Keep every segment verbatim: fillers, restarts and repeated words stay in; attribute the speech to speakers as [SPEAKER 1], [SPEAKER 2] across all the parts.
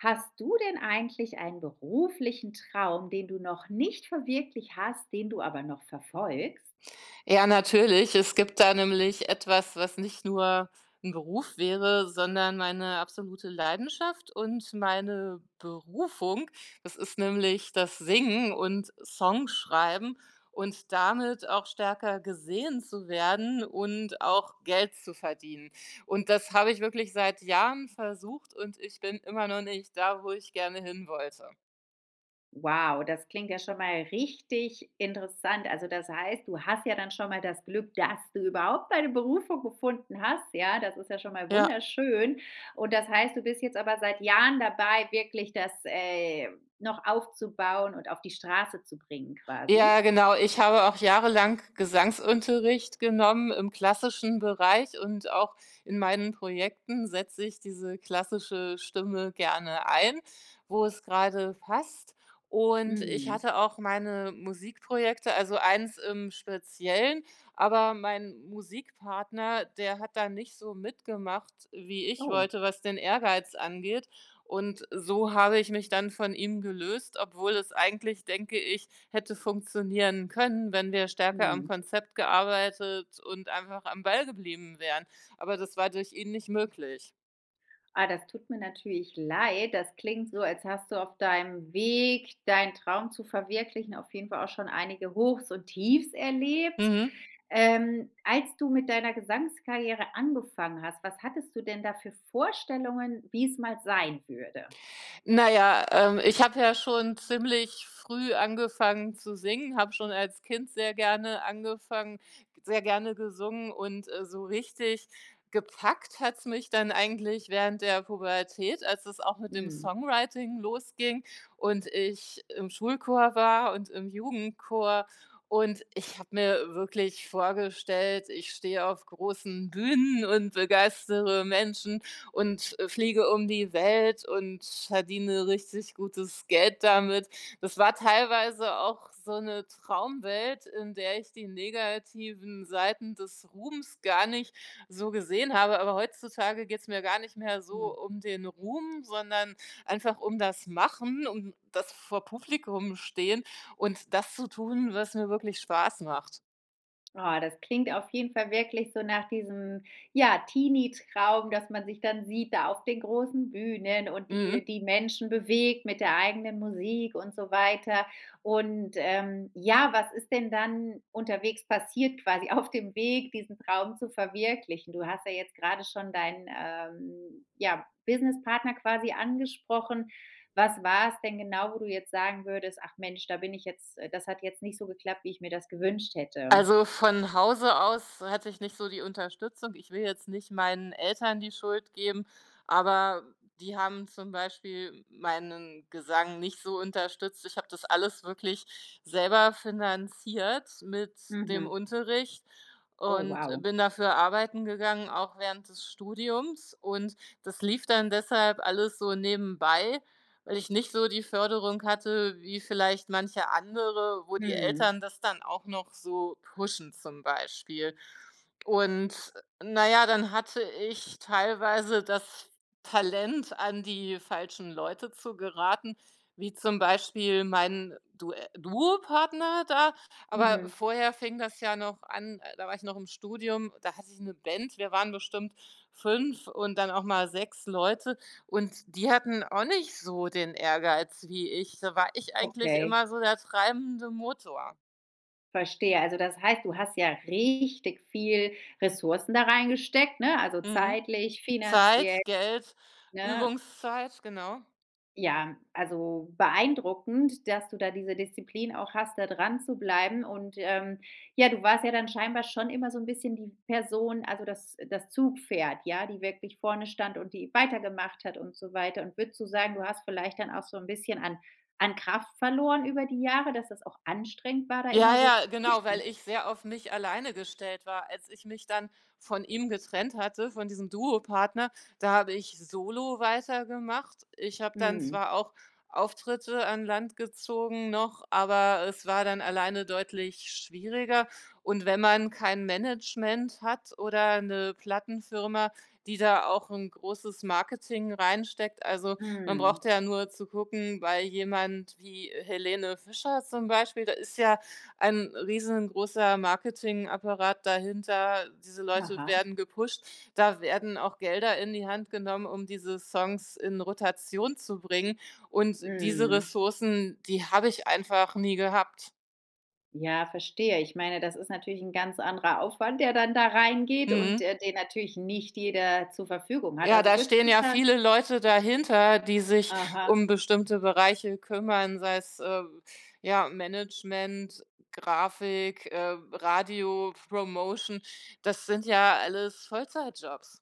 [SPEAKER 1] Hast du denn eigentlich einen beruflichen Traum, den du noch nicht verwirklicht hast, den du aber noch verfolgst?
[SPEAKER 2] Ja, natürlich. Es gibt da nämlich etwas, was nicht nur 'n Beruf wäre, sondern meine absolute Leidenschaft und meine Berufung. Das ist nämlich das Singen und Songschreiben und damit auch stärker gesehen zu werden und auch Geld zu verdienen. Und das habe ich wirklich seit Jahren versucht und ich bin immer noch nicht da, wo ich gerne hinwollte.
[SPEAKER 1] Wow, das klingt ja schon mal richtig interessant. Also, das heißt, du hast ja dann schon mal das Glück, dass du überhaupt deine Berufung gefunden hast, ja, das ist ja schon mal
[SPEAKER 2] Ja.
[SPEAKER 1] wunderschön. Und das heißt, du bist jetzt aber seit Jahren dabei, wirklich das, äh, noch aufzubauen und auf die Straße zu bringen, quasi?
[SPEAKER 2] Ja, genau, ich habe auch jahrelang Gesangsunterricht genommen im klassischen Bereich und auch in meinen Projekten setze ich diese klassische Stimme gerne ein, wo es gerade passt. Und ich
[SPEAKER 1] Mhm.
[SPEAKER 2] hatte auch meine Musikprojekte, also eins im Speziellen, aber mein Musikpartner, der hat da nicht so mitgemacht, wie ich
[SPEAKER 1] Oh.
[SPEAKER 2] wollte, was den Ehrgeiz angeht. Und so habe ich mich dann von ihm gelöst, obwohl es eigentlich, denke ich, hätte funktionieren können, wenn wir stärker am
[SPEAKER 1] Mhm.
[SPEAKER 2] Konzept gearbeitet und einfach am Ball geblieben wären. Aber das war durch ihn nicht möglich.
[SPEAKER 1] Ah, das tut mir natürlich leid. Das klingt so, als hast du auf deinem Weg, deinen Traum zu verwirklichen auf jeden Fall auch schon einige Hochs und Tiefs erlebt.
[SPEAKER 2] Mhm.
[SPEAKER 1] Ähm, als du mit deiner Gesangskarriere angefangen hast, was hattest du denn da für Vorstellungen, wie es mal sein würde?
[SPEAKER 2] Na ja, ähm, ich habe ja schon ziemlich früh angefangen zu singen, habe schon als Kind sehr gerne angefangen sehr gerne gesungen und, äh, so richtig gepackt hat es mich dann eigentlich während der Pubertät, als es auch mit dem
[SPEAKER 1] Mhm.
[SPEAKER 2] Songwriting losging und ich im Schulchor war und im Jugendchor, und ich habe mir wirklich vorgestellt, ich stehe auf großen Bühnen und begeistere Menschen und fliege um die Welt und verdiene richtig gutes Geld damit. Das war teilweise auch so 'ne Traumwelt, in der ich die negativen Seiten des Ruhms gar nicht so gesehen habe, aber heutzutage geht es mir gar nicht mehr so
[SPEAKER 1] Mhm.
[SPEAKER 2] um den Ruhm, sondern einfach um das Machen und das vor Publikum Stehen und das zu tun, was mir wirklich Spaß macht.
[SPEAKER 1] Ah, das klingt auf jeden Fall wirklich so nach diesem, ja, Teenietraum, dass man sich dann sieht da auf den großen Bühnen und
[SPEAKER 2] Mhm.
[SPEAKER 1] die die Menschen bewegt mit der eigenen Musik und so weiter. Und, ähm, ja, was ist denn dann unterwegs passiert quasi auf dem Weg, diesen Traum zu verwirklichen? Du hast ja jetzt gerade schon deinen, ähm, ja, Businesspartner quasi angesprochen. Was war es denn genau, wo du jetzt sagen würdest: „Ach Mensch, da bin ich jetzt das hat jetzt nicht so geklappt, wie ich mir das gewünscht hätte.“?
[SPEAKER 2] Also, von Hause aus hatte ich nicht so die Unterstützung. Ich will jetzt nicht meinen Eltern die Schuld geben, aber die haben zum Beispiel meinen Gesang nicht so unterstützt. Ich habe das alles wirklich selber finanziert mit dem
[SPEAKER 1] Mhm.
[SPEAKER 2] Unterricht
[SPEAKER 1] Oh,
[SPEAKER 2] und
[SPEAKER 1] wow.
[SPEAKER 2] bin dafür arbeiten gegangen, auch während des Studiums. Und das lief dann deshalb alles so nebenbei, weil ich nicht so die Förderung hatte wie vielleicht manche andere, wo die
[SPEAKER 1] Mhm.
[SPEAKER 2] Eltern das dann auch noch so pushen, zum Beispiel. Und na ja, dann hatte ich teilweise das f Talent, an die falschen Leute zu geraten, wie zum Beispiel mein Due Duopartner da, aber
[SPEAKER 1] Mhm.
[SPEAKER 2] vorher fing das ja noch an, da war ich noch im Studium, da hatte ich 'ne Band, wir waren bestimmt fünf und dann auch mal sechs Leute. Und die hatten auch nicht so den Ehrgeiz wie ich. Da war ich eigentlich
[SPEAKER 1] Okay.
[SPEAKER 2] immer so der treibende Motor.
[SPEAKER 1] Verstehe. Also, das heißt, du hast ja richtig viel Ressourcen da reingesteckt, ne? Also,
[SPEAKER 2] Mhm.
[SPEAKER 1] zeitlich, finanziell,
[SPEAKER 2] Zeit, Geld,
[SPEAKER 1] ne?
[SPEAKER 2] Übungszeit, genau.
[SPEAKER 1] Ja. Also, beeindruckend, dass du da diese Disziplin auch hast, da dranzubleiben und, ähm, ja, du warst ja dann scheinbar schon immer so 'n bisschen die Person, also, das das Zugpferd, ja, die wirklich vorne stand und die weitergemacht hat und so weiter und würdest du sagen, du hast vielleicht dann auch so 'n bisschen an an Kraft verloren über die Jahre, dass das auch anstrengend war, da
[SPEAKER 2] Ja,
[SPEAKER 1] immer so zu
[SPEAKER 2] ja, genau, weil
[SPEAKER 1] pushen.
[SPEAKER 2] ich sehr auf mich alleine gestellt war. Als ich mich dann von ihm getrennt hatte, von diesem Duo-Partner, da habe ich solo weitergemacht. Ich habe dann
[SPEAKER 1] Mhm.
[SPEAKER 2] zwar auch Auftritte an Land gezogen noch, aber es war dann alleine deutlich schwieriger. Und wenn man kein Management hat oder 'ne Plattenfirma, die da auch 'n großes Marketing reinsteckt, also, man
[SPEAKER 1] Mhm.
[SPEAKER 2] brauchte ja nur zu gucken, bei jemand wie Helene Fischer zum Beispiel, da ist ja ein riesengroßer Marketingapparat dahinter, diese Leute
[SPEAKER 1] Aha.
[SPEAKER 2] werden gepusht. Da werden auch Gelder in die Hand genommen, um diese Songs in Rotation zu bringen. Und diese
[SPEAKER 1] Mhm.
[SPEAKER 2] Ressourcen, die habe ich einfach nie gehabt.
[SPEAKER 1] Ja, verstehe. Ich meine, das ist natürlich 'n ganz anderer Aufwand, der dann da reingeht und,
[SPEAKER 2] Mhm.
[SPEAKER 1] äh, den natürlich nicht jeder zur Verfügung hat.
[SPEAKER 2] Ja,
[SPEAKER 1] Also,
[SPEAKER 2] da
[SPEAKER 1] würdest
[SPEAKER 2] stehen
[SPEAKER 1] du
[SPEAKER 2] ja
[SPEAKER 1] schon
[SPEAKER 2] viele Leute dahinter, die sich
[SPEAKER 1] Aha.
[SPEAKER 2] um bestimmte Bereiche kümmern, sei es, äh, ja, Management, Grafik, äh, Radiopromotion. Das sind ja alles Vollzeitjobs.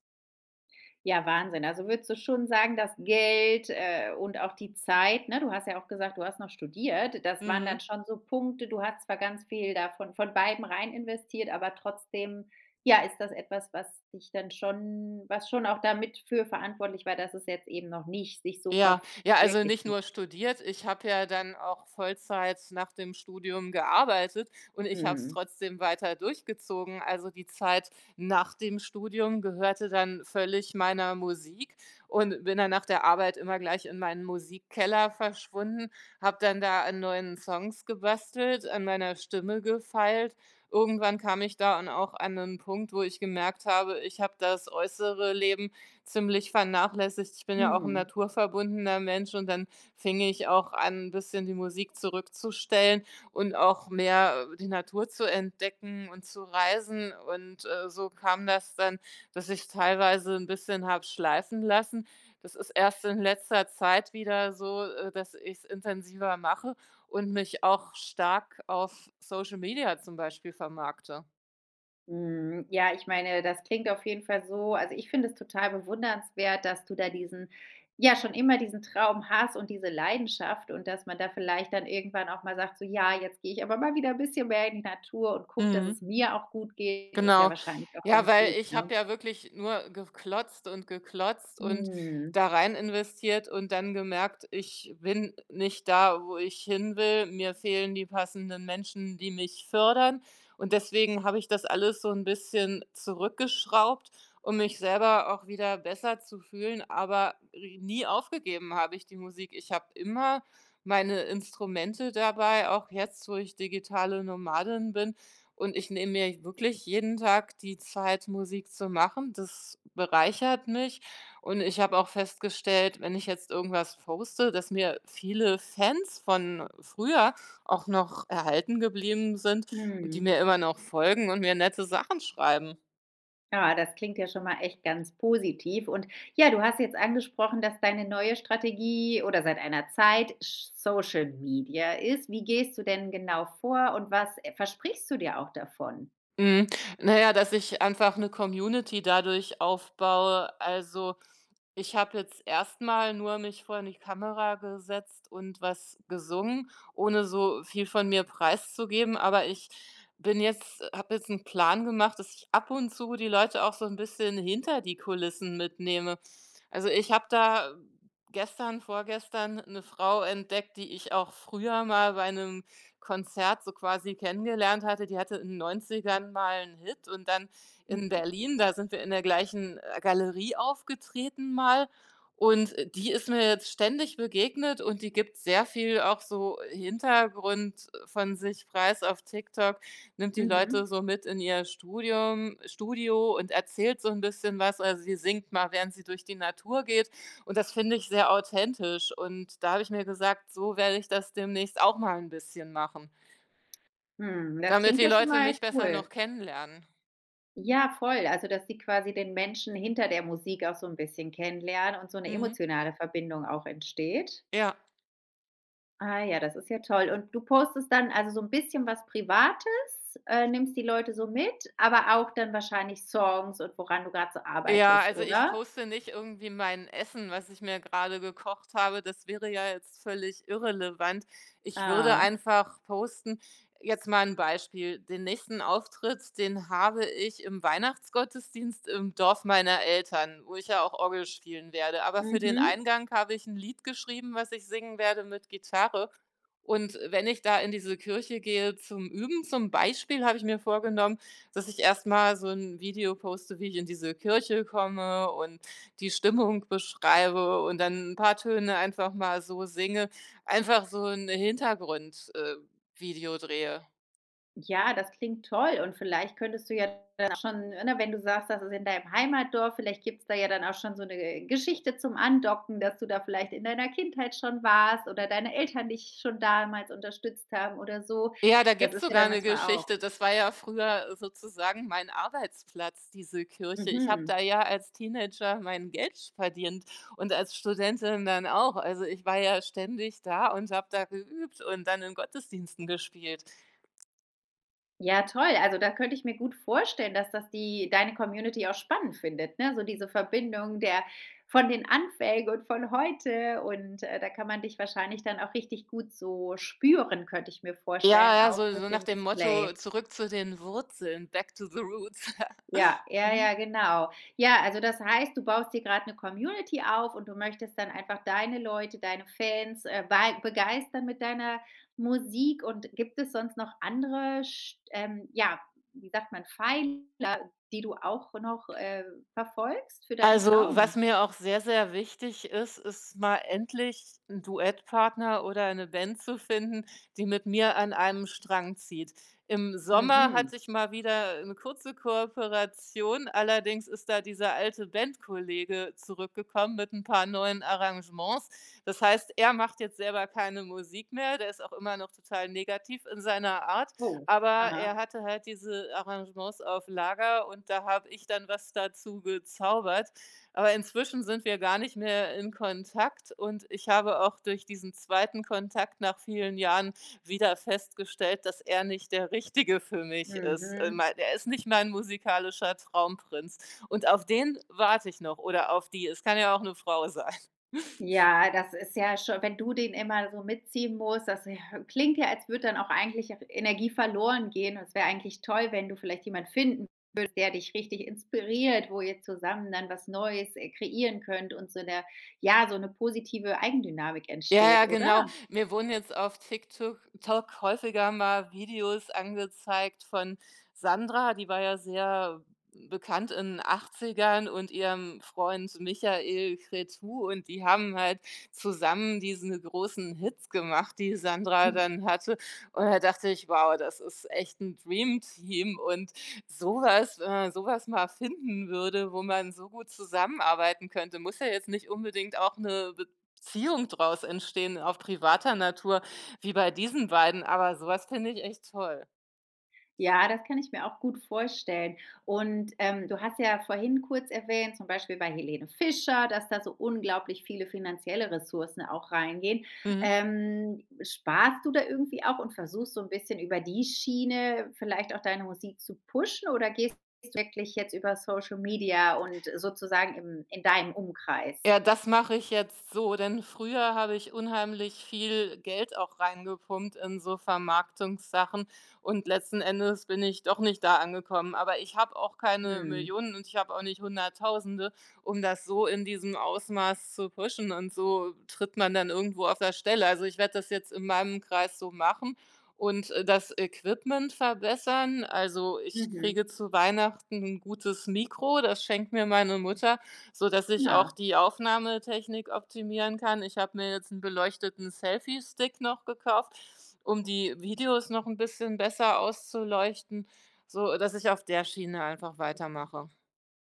[SPEAKER 1] Ja, Wahnsinn. Also, würdest du schon sagen, dass Geld, äh, und auch die Zeit, ne, du hast ja auch gesagt: „Du hast noch studiert“, das waren dann
[SPEAKER 2] Mhm.
[SPEAKER 1] schon so Punkte. Du hattest zwar ganz viel davon von von beidem rein investiert, aber trotzdem, ja, ist das etwas, was dich dann schon, was schon auch damit für verantwortlich war, dass es jetzt eben noch nicht sich so ver
[SPEAKER 2] Ja,
[SPEAKER 1] f
[SPEAKER 2] ja also,
[SPEAKER 1] wirklicht
[SPEAKER 2] nicht
[SPEAKER 1] hat?
[SPEAKER 2] nur studiert, ich hatte ja dann auch Vollzeit nach dem Studium gearbeitet und ich habe es
[SPEAKER 1] Mhm.
[SPEAKER 2] trotzdem weiter durchgezogen. Also, die Zeit nach dem Studium gehörte dann völlig meiner Musik und bin dann nach der Arbeit immer gleich in meinen Musikkeller verschwunden, habe dann da an neuen Songs gebastelt, an meiner Stimme gefeilt. Irgendwann kam ich da an auch an 'nen Punkt, wo ich gemerkt habe, ich habe das äußere Leben ziemlich vernachlässigt. Ich bin ja auch 'n
[SPEAKER 1] Mhm.
[SPEAKER 2] naturverbundener Mensch und dann fing ich auch an, 'n bisschen die Musik zurückzustellen und auch mehr, äh, die Natur zu entdecken und zu reisen. Und, äh, so kam das dann, dass ich teilweise 'n bisschen habe schleifen lassen. Das ist erst in letzter Zeit wieder so, äh, dass ich's intensiver mache und mich auch stark auf Social Media zum Beispiel vermarkte.
[SPEAKER 1] Mhm, ja, ich meine, das klingt auf jeden Fall so also, ich finde es total bewundernswert, dass du da diesen ja, schon immer diesen Traum hast und diese Leidenschaft, und dass man da vielleicht dann irgendwann auch mal sagt: „So, ja, jetzt gehe ich aber mal wieder 'n bisschen mehr in die Natur und gucke, dass es
[SPEAKER 2] Mhm.
[SPEAKER 1] mir auch gut geht.“ Das ist ja
[SPEAKER 2] Genau.
[SPEAKER 1] wahrscheinlich auch
[SPEAKER 2] Ja,
[SPEAKER 1] ganz
[SPEAKER 2] weil
[SPEAKER 1] gut,
[SPEAKER 2] ich
[SPEAKER 1] ne?
[SPEAKER 2] habe ja wirklich nur geklotzt und geklotzt und
[SPEAKER 1] Mhm.
[SPEAKER 2] da rein investiert und dann gemerkt, ich bin nicht da, wo ich hinwill. Mir fehlen die passenden Menschen, die mich fördern. Und deswegen habe ich das alles so 'n bisschen zurückgeschraubt, um mich selber auch wieder besser zu fühlen, aber ri nie aufgegeben habe ich die Musik. Ich habe immer meine Instrumente dabei, auch jetzt, wo ich digitale Nomadin bin. Und ich nehme mir wirklich jeden Tag die Zeit, Musik zu machen, das bereichert mich. Und ich habe auch festgestellt, wenn ich jetzt irgendwas poste, dass mir viele Fans von früher auch noch erhalten geblieben sind und die
[SPEAKER 1] Mhm.
[SPEAKER 2] mir immer noch folgen und mir nette Sachen schreiben.
[SPEAKER 1] Ja, das klingt ja schon mal echt ganz positiv. Und ja, du hast jetzt angesprochen, dass deine neue Strategie oder seit einer Zeit sch Social Media ist. Wie gehst du denn genau vor und was versprichst du dir auch davon?
[SPEAKER 2] Mhm, na ja, dass ich einfach 'ne Community dadurch aufbaue. Also, ich habe jetzt erst mal nur mich vor 'ne Kamera gesetzt und was gesungen, ohne so viel von mir preiszugeben, aber ich bin jetzt habe jetzt 'n Plan gemacht, dass ich ab und zu die Leute auch so 'n bisschen hinter die Kulissen mitnehme. Also, ich habe da gestern vorgestern 'ne Frau entdeckt, die ich auch früher mal bei 'nem Konzert so quasi kennengelernt hatte. Die hatte in den Neunzigern mal 'n Hit und dann in
[SPEAKER 1] Mhm.
[SPEAKER 2] Berlin, da sind wir in der gleichen, äh, Galerie aufgetreten mal. Und die ist mir jetzt ständig begegnet und die gibt sehr viel auch so Hintergrund von sich preis auf TikTok, nimmt die
[SPEAKER 1] Mhm.
[SPEAKER 2] Leute so mit in ihr Studium Studio und erzählt so 'n bisschen was. Also, sie singt mal, während sie durch die Natur geht und, das finde ich sehr authentisch. Und da habe ich mir gesagt, so werde ich das demnächst auch mal 'n bisschen machen.
[SPEAKER 1] Mhm, das
[SPEAKER 2] Damit
[SPEAKER 1] klingt
[SPEAKER 2] die
[SPEAKER 1] ja schon
[SPEAKER 2] Leute
[SPEAKER 1] mal
[SPEAKER 2] mich besser noch
[SPEAKER 1] cool.
[SPEAKER 2] kennenlernen.
[SPEAKER 1] Ja, voll also dass die quasi den Menschen hinter der Musik auch so 'n bisschen kennenlernen und so 'ne
[SPEAKER 2] Mhm.
[SPEAKER 1] emotionale Verbindung auch entsteht?
[SPEAKER 2] Ja.
[SPEAKER 1] Ah ja, das ist ja toll, und du postest dann also, so 'n bisschen was Privates, äh, nimmst die Leute so mit, aber auch dann wahrscheinlich Songs und woran du gerade so
[SPEAKER 2] Ja,
[SPEAKER 1] arbeitest,
[SPEAKER 2] also ich
[SPEAKER 1] oder?
[SPEAKER 2] poste nicht irgendwie mein Essen, was ich mir gerade gekocht habe. Das wäre ja jetzt völlig irrelevant. Ich würde
[SPEAKER 1] Ah.
[SPEAKER 2] einfach posten jetzt mal 'n Beispiel: Den nächsten Auftritt, den habe ich im Weihnachtsgottesdienst im Dorf meiner Eltern, wo ich ja auch Orgel spielen werde. Aber für den
[SPEAKER 1] Mhm.
[SPEAKER 2] Eingang habe ich 'n Lied geschrieben, was ich singen werde mit Gitarre. Und wenn ich da in diese Kirche gehe zum Üben, zum Beispiel, habe ich mir vorgenommen, dass ich erst mal so 'n Video poste, wie ich in diese Kirche komme und die Stimmung beschreibe, und dann 'n paar Töne einfach mal so singe, einfach so 'n Hintergrund äh, Video drehe.
[SPEAKER 1] Ja, das klingt toll, und vielleicht könntest du ja dann schon, ne wenn du sagst, dass es in deinem Heimatdorf vielleicht gibt es da ja dann auch schon so 'ne Geschichte zum Andocken, dass du da vielleicht in deiner Kindheit schon warst oder deine Eltern dich schon damals unterstützt haben oder so.
[SPEAKER 2] Ja, da
[SPEAKER 1] Das
[SPEAKER 2] gibt es
[SPEAKER 1] ist ja
[SPEAKER 2] sogar
[SPEAKER 1] dann
[SPEAKER 2] 'ne
[SPEAKER 1] manchmal auch
[SPEAKER 2] Geschichte. Das war ja früher sozusagen mein Arbeitsplatz, diese Kirche. Ich habe
[SPEAKER 1] Mhm.
[SPEAKER 2] da ja als Teenager mein Geld verdient und als Studentin dann auch. Also, ich war ja ständig da und habe da geübt und dann in Gottesdiensten gespielt.
[SPEAKER 1] Ja toll, also da könnte ich mir gut vorstellen, dass das die deine Community auch spannend findet, ne? So diese Verbindung der von den Anfängen und von heute. Und, äh, da kann man dich wahrscheinlich dann auch richtig gut so spüren, könnte ich mir
[SPEAKER 2] Ja,
[SPEAKER 1] vorstellen,
[SPEAKER 2] ja
[SPEAKER 1] auch
[SPEAKER 2] so
[SPEAKER 1] durch
[SPEAKER 2] so nach
[SPEAKER 1] den
[SPEAKER 2] dem Motto
[SPEAKER 1] Display.
[SPEAKER 2] „Zurück zu den Wurzeln“, Back to the Roots.
[SPEAKER 1] Ja ja,
[SPEAKER 2] Mhm.
[SPEAKER 1] ja, genau. Ja, also das heißt, du baust dir grad 'ne Community auf und du möchtest dann einfach deine Leute, deine Fans äh, bei begeistern mit deiner Musik. Und gibt es sonst noch andere sch ähm, ja, wie sagt man, Pfeiler, die du auch noch, äh, verfolgst für deinen
[SPEAKER 2] Also was
[SPEAKER 1] Traum?
[SPEAKER 2] mir auch sehr, sehr wichtig ist, ist mal endlich 'n Duettpartner oder eine Band zu finden, die mit mir an einem Strang zieht. Im Sommer
[SPEAKER 1] Mhm.
[SPEAKER 2] hatte ich mal wieder 'ne kurze Kooperation, allerdings ist da dieser alte Bandkollege zurückgekommen mit 'n paar neuen Arrangements. Das heißt, er macht jetzt selber keine Musik mehr, der ist auch immer noch total negativ in seiner Art,
[SPEAKER 1] Wow.
[SPEAKER 2] aber
[SPEAKER 1] Aha.
[SPEAKER 2] er hatte halt diese Arrangements auf Lager und da habe ich dann was dazugezaubert. Aber inzwischen sind wir gar nicht mehr in Kontakt und ich habe auch durch diesen zweiten Kontakt nach vielen Jahren wieder festgestellt, dass er nicht der Richtige für mich ist, in
[SPEAKER 1] Mhm.
[SPEAKER 2] mein äh, er ist nicht mein musikalischer Traumprinz und auf den warte ich noch, oder auf die, es kann ja auch 'ne Frau sein.
[SPEAKER 1] Ja, das ist ja schon wenn du den immer so mitziehen musst, das äh, klingt ja, als würde dann auch eigentlich auch Energie verloren gehen. Es wäre eigentlich toll, wenn du vielleicht jemand finden würdest, der dich richtig inspiriert, wo ihr zusammen dann was Neues, äh, kreieren könnt und so 'ne ja, so 'ne positive Eigendynamik
[SPEAKER 2] Ja, ja,
[SPEAKER 1] entsteht, oder?
[SPEAKER 2] genau. Mir wurden jetzt auf TikTuk Tok häufiger mal Videos angezeigt von Sandra, die war ja sehr bekannt in 'nen Achtzigern, und ihrem Freund Michael Cretu. Und die haben halt zusammen diese großen Hits gemacht, die Sandra
[SPEAKER 1] Mhm.
[SPEAKER 2] dann hatte. Und da dachte ich: „Wow, das ist echt 'n Dreamteam.” Und so was wenn man so was mal finden würde, wo man so gut zusammenarbeiten könnte. Muss ja jetzt nicht unbedingt auch 'ne Beziehung draus entstehen auf privater Natur wie bei diesen beiden, aber so was finde ich echt toll.
[SPEAKER 1] Ja, das kann ich mir auch gut vorstellen. Und, ähm, du hast ja vorhin kurz erwähnt, zum Beispiel bei Helene Fischer, dass da so unglaublich viele finanzielle Ressourcen auch reingehen.
[SPEAKER 2] Mhm.
[SPEAKER 1] Ähm, sparst du da irgendwie auch und versuchst so 'n bisschen über die Schiene vielleicht auch deine Musik zu pushen, oder gehst du wirklich jetzt über Social Media und sozusagen im in deinem Umkreis?
[SPEAKER 2] Ja, das mache ich jetzt so, denn früher habe ich unheimlich viel Geld auch reingepumpt in so Vermarktungssachen und letzten Endes bin ich doch nicht da angekommen. Aber ich habe auch keine
[SPEAKER 1] Mhm.
[SPEAKER 2] Millionen und ich habe auch nicht Hunderttausende, um das so in diesem Ausmaß zu pushen, und so tritt man dann irgendwo auf der Stelle. Also, ich werde das jetzt in meinem Kreis so machen und das Equipment verbessern. Also, ich
[SPEAKER 1] Mhm.
[SPEAKER 2] kriege zu Weihnachten 'n gutes Mikro, das schenkt mir meine Mutter, sodass ich auch
[SPEAKER 1] Na.
[SPEAKER 2] die Aufnahmetechnik optimieren kann. Ich habe mir jetzt 'n beleuchteten Selfiestick noch gekauft, um die Videos noch 'n bisschen besser auszuleuchten, sodass ich auf der Schiene einfach weitermache.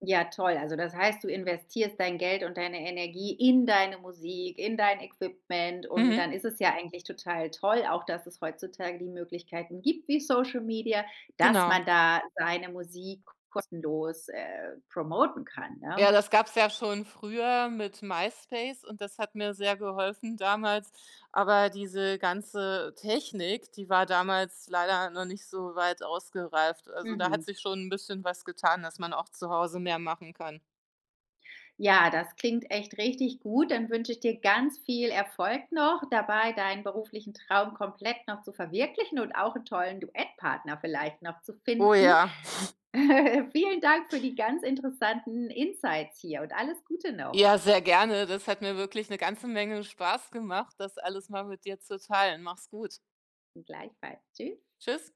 [SPEAKER 1] Ja, toll. Also das heißt, du investierst dein Geld und deine Energie in deine Musik, in dein Equipment. Und
[SPEAKER 2] Mhm.
[SPEAKER 1] dann ist es ja eigentlich total toll, auch dass es heutzutage die Möglichkeiten gibt wie Social Media, dass
[SPEAKER 2] Genau.
[SPEAKER 1] man da seine Musik kostenlos, äh, promoten kann, ja.
[SPEAKER 2] Ja, das gab's ja schon früher mit MySpace und das hat mir sehr geholfen damals, aber diese ganze Technik, die war damals leider noch nicht so weit ausgereift. Also, da hat
[SPEAKER 1] Mhm.
[SPEAKER 2] sich schon 'n bisschen was getan, dass man auch zu Hause mehr machen kann.
[SPEAKER 1] Ja, das klingt echt richtig gut. Dann wünsche ich dir ganz viel Erfolg noch dabei, deinen beruflichen Traum komplett noch zu verwirklichen und auch 'n tollen Duettpartner vielleicht noch zu
[SPEAKER 2] Oh
[SPEAKER 1] finden.
[SPEAKER 2] ja.
[SPEAKER 1] Vielen Dank für die ganz interessanten Insights hier und alles Gute noch.
[SPEAKER 2] Ja, sehr gerne. Das hat mir wirklich 'ne ganze Menge Spaß gemacht. Das alles mal mit dir zu teilen. Mach's gut.
[SPEAKER 1] Gleichfalls. Tschüss.
[SPEAKER 2] Tschüss.